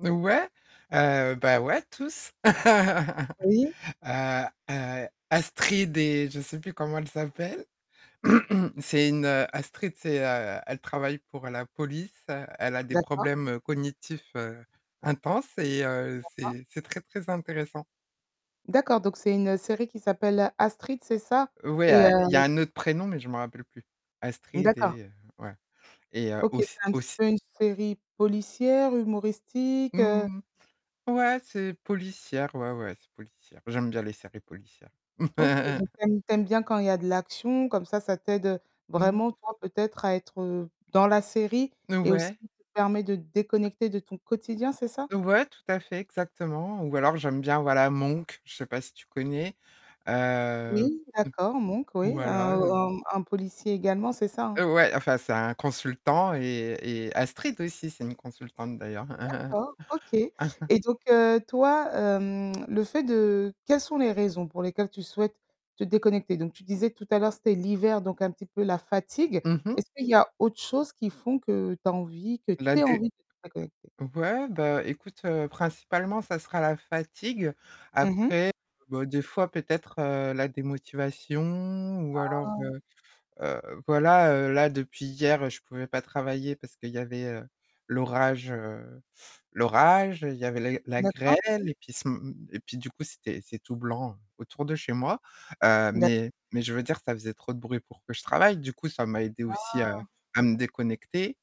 N ouais, heu, bah ouais, tous. Heu, Oui. heu, Astrid et je sais plus comment elle s'appelle. C'est une Astrid, c'est, heu, elle travaille pour la police, elle a des D'accord. problèmes cognitifs, heu, intenses et heu, D'accord. c'est c'est très, très intéressant. D'accord, donc c'est une série qui s'appelle Astrid, c'est ça? Ouais, Et heu a il y c a un autre prénom, mais je m'en rappelle plus. Astrid D'accord. et heu, ouais et heu, OK, c'est auss un petit auss peu une série policière, humoristique heu Mmh, ouais, c'est policière, ouais, ouais, c'est policière. J'aime bien les séries policières. OK, donc tu aimes tu aimes bien quand il y a de l'action, comme ça, ça t'aide Non. vraiment, toi, peut-être à être, heu, dans la série et aussi Ouais. te permet de déconnecter de ton quotidien, c'est ça? Ouais, tout à fait, exactement ou alors j'aime bien, voilà, Monk, je sais pas si tu connais, heu, Oui, d'accord, Monk oui, voilà. un un un policier également, c'est ça, hein? Ouais, enfin, c'est un consultant et et Astrid aussi, c'est une consultante d'ailleurs. D'accord, OK, et donc heu, toi, hem, le fait de quelles sont les raisons pour lesquelles tu souhaites te déconnecter? Donc tu disais tout à l'heure, c'était l'hiver donc un petit peu la fatigue. Mmh mh. Est-ce qu'il y a autre chose qui font que tu as envie que tu La aies des envie de te déconnecter? ouais, bah, écoute, heu, principalement ça sera la fatigue. Mmh mh. Après, bah, des fois peut-être, heu, la démotivation ou alors, Ah. heu, heu, voilà, heu, là depuis hier, je pouvais pas travailler parce qu'il y avait, heu, l'orage, heu, l'orage. Il y avait la la D'accord. grêle et puis ce m m et puis du coup, c'était c'est tout blanc autour de chez moi, heu, mais D'accord. mais je veux dire, ça faisait trop de bruit pour que je travaille, du coup, ça m'a aidée aussi à Ah. à me déconnecter,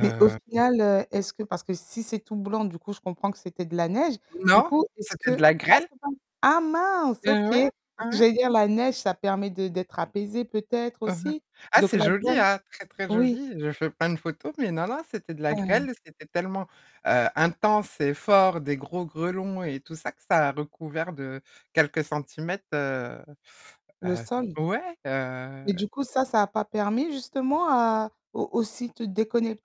Mais au final, heu, est-ce que parce que si c'est tout blanc, du coup, je comprends que c'était de la neige, du Non, coup, est-ce c'était de que la ah grêle. c'est [unintelligible] ah mince, Et OK ouais, parce que ouais. j'allais dire la neige, ça permet de d'être apaisé peut-être aussi, Ah, donc c'est la joli, grêle hein, très, très oui. joli, je fais plein de photos, mais non, non, c'était de la Heu grêle. C'était tellement, heu, intense et fort, des gros grêlons et tout ça que ça a recouvert de quelques centimètres, heu, Le heu, sol? ouais, heu Et du coup, ça, ça a pas permis justement à au aussi de te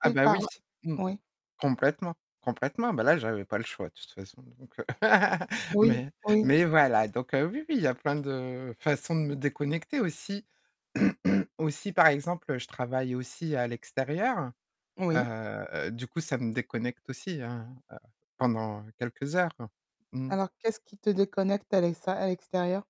Ah, bah, par oui, ra mmh. oui. Complètement, complètement, ben, là j'avais pas le choix de toute façon donc heu, Oui, mais oui. mais, voilà, donc heu, oui, oui, il y a plein de façons de me déconnecter aussi. Aussi par exemple, je travaille aussi à l'extérieur, Oui. heu, du coup ça me déconnecte aussi hein, heu, pendant quelques heures. Mmh. Alors qu'est-ce qui te déconnecte à l'exté à l'extérieur?